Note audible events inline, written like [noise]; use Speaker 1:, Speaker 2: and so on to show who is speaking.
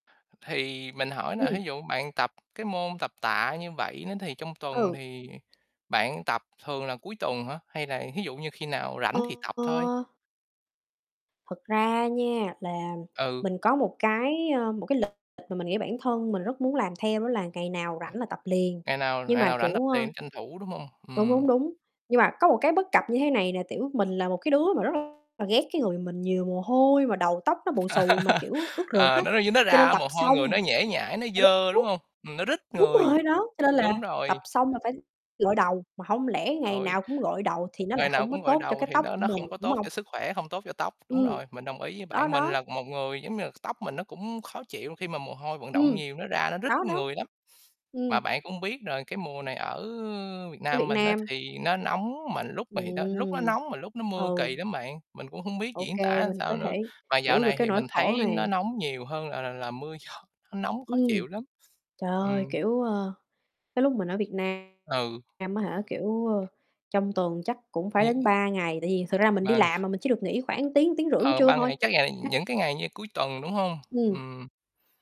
Speaker 1: Thì mình hỏi nè, thí
Speaker 2: Ừm.
Speaker 1: dụ bạn tập cái môn tập tạ như vậy nó thì trong tuần
Speaker 2: Ừ.
Speaker 1: thì bạn tập thường là cuối tuần hả? Hay là thí dụ như khi nào
Speaker 2: Ờ,
Speaker 1: rảnh thì tập thôi?
Speaker 2: ờ. Thật ra nha là
Speaker 1: Ừ.
Speaker 2: mình có một cái, ơ, một cái lịch mà mình nghĩ bản thân mình rất muốn làm theo đó là ngày nào rảnh là tập liền,
Speaker 1: Ngày nào
Speaker 2: nhưng
Speaker 1: ngày
Speaker 2: mà,
Speaker 1: nào rảnh tập
Speaker 2: kiểu, ơ
Speaker 1: luyện tranh thủ, đúng hông?
Speaker 2: đúng, đúng,
Speaker 1: Ừm.
Speaker 2: đúng, nhưng mà có một cái bất cập như thế này nè, tiểu, mình là một cái đứa mà rất là ghét cái người mình nhiều mồ hôi mà đầu tóc nó bù xù mà,
Speaker 1: [laughs]
Speaker 2: kiểu, ướt rượt
Speaker 1: Ờ,
Speaker 2: á,
Speaker 1: nó như nó
Speaker 2: cho nên
Speaker 1: ra
Speaker 2: tập
Speaker 1: mồ hôi, người nó
Speaker 2: xong
Speaker 1: nhễ nhãi, nó
Speaker 2: ờ, đúng,
Speaker 1: dơ, đúng
Speaker 2: đúng.
Speaker 1: hông? Ừm, nó rít
Speaker 2: Đúng
Speaker 1: người,
Speaker 2: rồi, đó, cho nên là
Speaker 1: đúng
Speaker 2: tập
Speaker 1: rồi.
Speaker 2: xong là phải gội đầu, mà hông lẽ ngày
Speaker 1: Ôi.
Speaker 2: nào cũng gội đầu thì nó lại
Speaker 1: Ngày nào
Speaker 2: hổng có
Speaker 1: cũng gội
Speaker 2: tốt cho
Speaker 1: đầu
Speaker 2: cái
Speaker 1: thì
Speaker 2: tóc
Speaker 1: nó
Speaker 2: của
Speaker 1: nó
Speaker 2: mình,
Speaker 1: không có
Speaker 2: đúng
Speaker 1: tốt
Speaker 2: hông?
Speaker 1: cho sức khỏe, hông tốt cho tóc, đúng
Speaker 2: Ừm,
Speaker 1: rồi, mình đồng ý với
Speaker 2: đó,
Speaker 1: bạn. Mình
Speaker 2: đó.
Speaker 1: là một người, giống như là, tóc mình nó cũng khó chịu khi mà mồ hôi, vận động
Speaker 2: Ừm,
Speaker 1: nhiều nó ra, nó rít
Speaker 2: đó, đó.
Speaker 1: người lắm. Mà
Speaker 2: Ừm.
Speaker 1: bạn cũng biết rồi, cái mùa này ở Việt
Speaker 2: Với
Speaker 1: Nam
Speaker 2: Việt
Speaker 1: mình á
Speaker 2: Nam
Speaker 1: thì nó nóng mà lúc mà thì nó lúc nó
Speaker 2: Ừm,
Speaker 1: nóng mà lúc nó mưa,
Speaker 2: ừ.
Speaker 1: kỳ lắm bạn, mình cũng hông biết
Speaker 2: OK,
Speaker 1: diễn tả làm
Speaker 2: mình
Speaker 1: sao
Speaker 2: có
Speaker 1: nữa.
Speaker 2: thể
Speaker 1: Mà dạo
Speaker 2: hiểu được
Speaker 1: này
Speaker 2: cái
Speaker 1: thì
Speaker 2: nỗi
Speaker 1: mình
Speaker 2: khổ
Speaker 1: thấy nó
Speaker 2: này.
Speaker 1: nóng nhiều hơn là là là mưa gió, nó nóng khó
Speaker 2: Ừm,
Speaker 1: chịu lắm.
Speaker 2: trời ơi,
Speaker 1: Ừm.
Speaker 2: kiểu, ơ, cái lúc mình ở Việt
Speaker 1: Ừ.
Speaker 2: Nam á hả, kiểu, ơ, trong tuần chắc cũng phải
Speaker 1: Như
Speaker 2: đến 3 ngày, tại vì thực ra mình đi
Speaker 1: mà
Speaker 2: làm mà mình chỉ được nghỉ khoảng tiếng, tiếng rưỡi buổi
Speaker 1: ờ,
Speaker 2: trưa
Speaker 1: ban
Speaker 2: thôi.
Speaker 1: ngày chắc là
Speaker 2: [unintelligible]
Speaker 1: những cái ngày như cuối tuần, đúng hông?
Speaker 2: Ừm.
Speaker 1: Ừm.